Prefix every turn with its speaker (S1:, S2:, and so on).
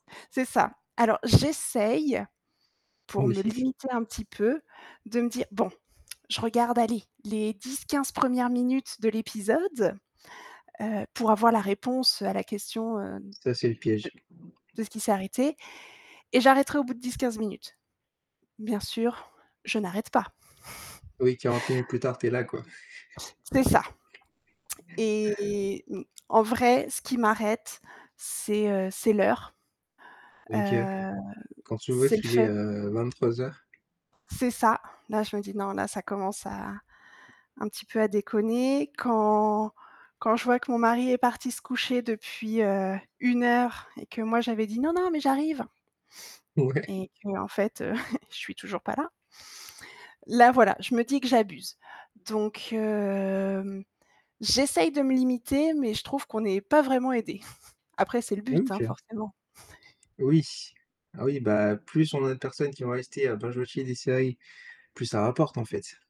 S1: C'est ça. Alors j'essaye, pour me limiter
S2: [unintelligible]
S1: un petit peu, de me dire: «Bon, je regarde, allez, les 10-15 premières minutes de l'épisode, heu, pour avoir la réponse à la question, heu, de
S2: Ça, c'est le piège.
S1: de ce qui s'est arrêté et j'arrêterai au bout de 10-15 minutes». Bien sûr, je n'arrête pas.
S2: Oui, 40 minutes plus tard, tu es là, quoi.
S1: C'est ça et et mmh, en vrai, ce qui m'arrête, c'est, heu, c'est l'heure.
S2: OK.
S1: Hem,
S2: Quand tu vois
S1: c'est le
S2: qu'il est,
S1: fait
S2: heu, 23:00.
S1: C'est ça. Là, je me dis: «Non, là, ça commence à un petit peu à déconner». Quand quand je vois que mon mari est parti se coucher depuis, heu, 1 heure et que moi j'avais dit: «Non non, mais j'arrive!»
S2: Ouais.
S1: Et qu'en fait, heu, je suis toujours pas là. Là, voilà, je me dis que j'abuse. Donc hem, j'essaye de me limiter mais je trouve qu'on n'est pas vraiment aidés. Après, c'est le but, hein,
S2: OK.
S1: forcément.
S2: Oui.Ah oui, bah, plus on a de personnes qui vont rester à binge watcher des séries, plus ça rapporte en fait.